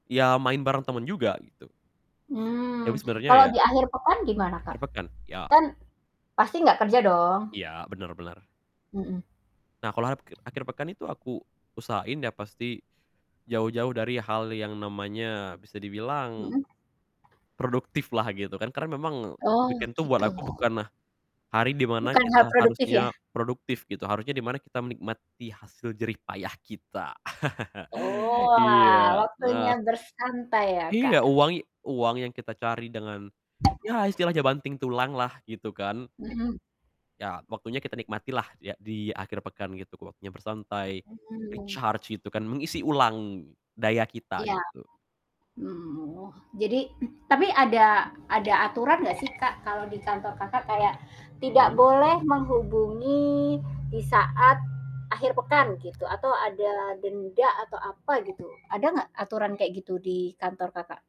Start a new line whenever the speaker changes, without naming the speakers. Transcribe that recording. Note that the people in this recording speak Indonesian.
Iya, main bareng temen juga gitu. Tapi
Mmm.
sebenernya
Kalau
ya,
di akhir pekan gimana,
akhir
Kak?
pekan, iya.
Kan pasti nggak kerja dong.
Iya, bener bener.
Mhm.
Nah, kalo apkir akhir pekan itu aku usahain ya pasti, jauh-jauh dari hal yang namanya bisa dibilang
Mhm?
produktiflah gitu kan, karena memang
Oh,
weekend tuh buat
gitu.
aku bukanlah, hari di mana
Bukannya
kita
produktif ya?
harusnya produktif gitu, harusnya di mana kita menikmati hasil jerih payah kita.
Oh, ah
Iya. Nah
waktunya bersantai ya, Kak?
Iya, uang i uang yang kita cari dengan, ya istilahnya banting tulanglah gitu kan.
Mhm.
Ya waktunya kita nikmatilah dia di akhir pekan gitu, waktunya bersantai,
Mmm.
recharge gitu kan, mengisi ulang daya kita,
Iya.
gitu.
Mhm mhm, oh jadi tapi ada ada aturan nggak sih Kak, kalau di kantor Kakak kayak tidak
Mhm?
boleh menghubungi di saat akhir pekan gitu, atau ada denda, atau apa, gitu? Ada nggak aturan kayak gitu di kantor, Kakak?